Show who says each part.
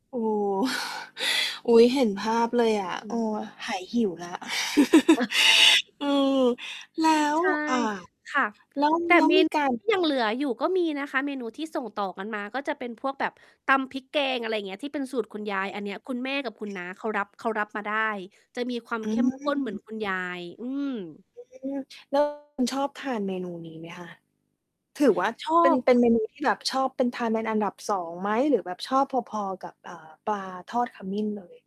Speaker 1: โอ้โฮ อุ๊ย เห็นภาพเลยอะ
Speaker 2: อ
Speaker 1: เ
Speaker 2: ื
Speaker 1: ออ
Speaker 2: ม
Speaker 1: หายหิวแล้ว อืม แล้ว
Speaker 2: ใช่
Speaker 1: อ่า
Speaker 2: ค่ะ
Speaker 1: แล้ว
Speaker 2: แต่
Speaker 1: แล้ว
Speaker 2: เม
Speaker 1: มี
Speaker 2: น
Speaker 1: การ
Speaker 2: ยังเหลืออยู่ก็มีนะคะ เมนูที่ส่งต่อกันมาก็จะเป็นพวกแบบตำพริกแกง อะไรเงี้ย ที่เป็นสูตรคุณยาย อันเนี้ย คุณแม่กับคุณน้าเขารับ เขารับมาได้ จะมีความ
Speaker 1: อื
Speaker 2: เข้มข้นเหมือน
Speaker 1: ม
Speaker 2: คุณยาย อืม
Speaker 1: อืม แล้ว คุณชอบทานเมนูนี้ไหมคะ? ถือว่า
Speaker 2: ชอ
Speaker 1: เป็น
Speaker 2: บ
Speaker 1: เป็นเมนู ที่แบบ ชอบ เป็น ทานเป็นอันดับ 2 ไหม? หรือแบบชอบพอ ๆ กับ เอ่อ ปลา ทอดขมิ้นเลย?